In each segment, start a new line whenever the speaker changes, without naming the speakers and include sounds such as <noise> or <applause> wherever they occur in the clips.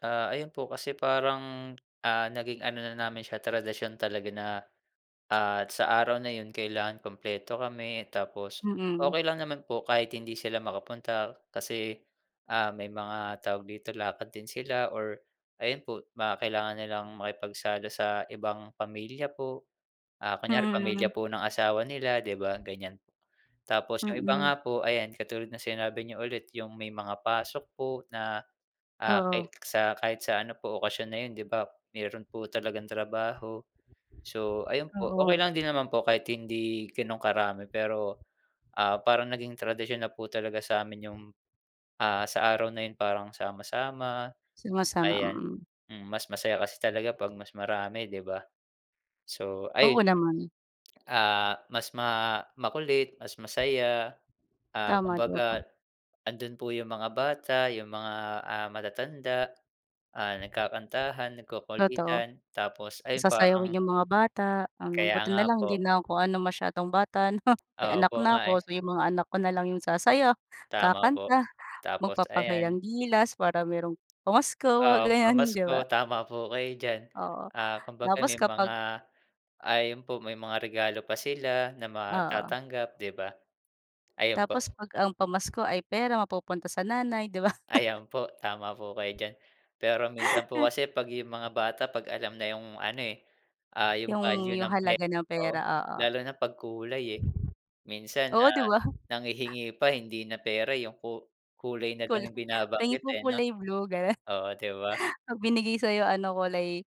Ah, ayun po kasi parang, ah, naging ano na namin siya tradisyon talaga na, ah, sa araw na yun kailangan kumpleto kami, tapos
Mm.
okey lang naman po kahit hindi sila makapunta kasi, ah, may mga tawag dito, lakad din sila or ayun po baka kailangan nilang makipagsalo sa ibang pamilya po. Ah, kunyari,
Mm.
pamilya po ng asawa nila 'di ba ganiyan. Tapos yung iba
Mm.
nga po, ayan katulad ng sinabi niyo ulit yung may mga pasok po na, ah, ka
Oo.
sa kahit sa ano po okasyon na yun 'di ba meron po talagang trabaho. So ayun po, okey
Oo.
lang din naman po kahit hindi ganun karami, pero, ah, parang naging tradisyon na po talaga sa'min yung, ah, sa araw na yun, parang sama-sama.
Sumasama,
Ayan,
mm.
hmm, mas masaya kasi talaga 'pag mas marami 'di ba? So,
Oo,
ay
naman.
Ah, mas ma makulit mas masaya, ah,
Tama, di ba,
kumbaga
po?
andun po yung mga bata. Yung mga, ah, matatanda, ah, nagkakantahan,
Totoo.
nagkukulitan tapos ayun
Pasasayawin
parang
yung mga bata, ang, um,
Kaya
buti
nga
na lang hindi
po.
na ako ano masyadong bata 'no. May anak
Opo,
na
nga eh.
ako, so yung mga anak ko na lang yung sasayaw,
Tama po,
kakanta,
tapos ayan.
magpapakitang gilas, para merong pamasko mga
Oo,
ganyan 'di
pamasko
ba?
tama po kayo diyan.
Oo,
Ah, kumbaga
tapos
may mga
kapag
ayun po may mga regalo pa sila na
Oo.
matatanggap 'di ba? Ayun po.
Tapos 'pag ang pamasko ay pera mapupunta sa nanay, 'di ba? <laughs>
Ayan, po tama po kayo diyan. Pero minsan po kasi 'pag yung mga bata 'pag alam na yung ano, eh, ah, yung
Yung
value
yung
ng per
halaga ng
oh,
pera, oo.
lalo na 'pag kulay, eh, minsan,
Oo 'di
ah,
ba?
nanghihingi pa hindi na pera yung ku kulay na lang
Kulay,
yung
pahingi
binabanggit,
po
eh 'no.
kulay blue, ganon.
Oo, 'di ba?
'Pag binigay sa'yo ano kulay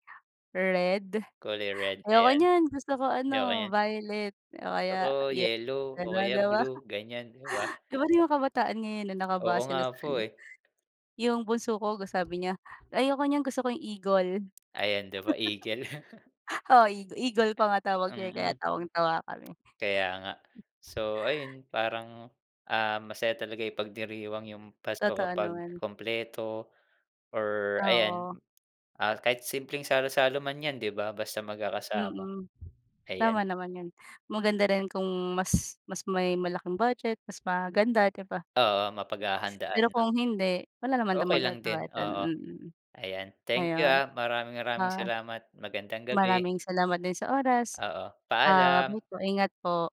red,
Kulay red ba
ayoko
yan?
niyan gusto ko
Ayoko
ano
niyan.
violet o
Gusto
kaya
ko
yel
yellow o
ganun
kaya
'di ba?
blue ganyan, 'di ba?
Iba na yung mga kabataan ngayon 'no,
Oo
naka-base na sa
nga po,
ano
eh.
yung bunso ko go sabi niya, "ayoko niyan, gusto ko yung egol."
Ayan 'di ba, eagle? <laughs>
<laughs> Oo, e egol pa nga tawag niya, eh, kaya
Mm.
tawang-tawa kami.
Kaya nga. So ayun parang, ah, masaya talaga ipagdiriwang yung Pasko
Totoo
kapag
naman.
kumpleto or ayan,
Oo.
ah, kahit simpleng salo-salo man yan, 'di ba, basta magkakasama
Mm, tama
ayan.
naman yun. Maganda rin kung mas mas may malaking budget mas maganda, 'di ba?
Oo, mapaghahandaan
Pero
'no.
kung hindi, wala naman din
Okey lang din,
magagawa dun,
oo.
mm.
Ayan, thank you,
Ayun,
ah. Maraming-maraming
ah,
salamat. Magandang gabi.
maraming salamat din sa oras.
Oo
Ah,
paalam.
bye po ingat po.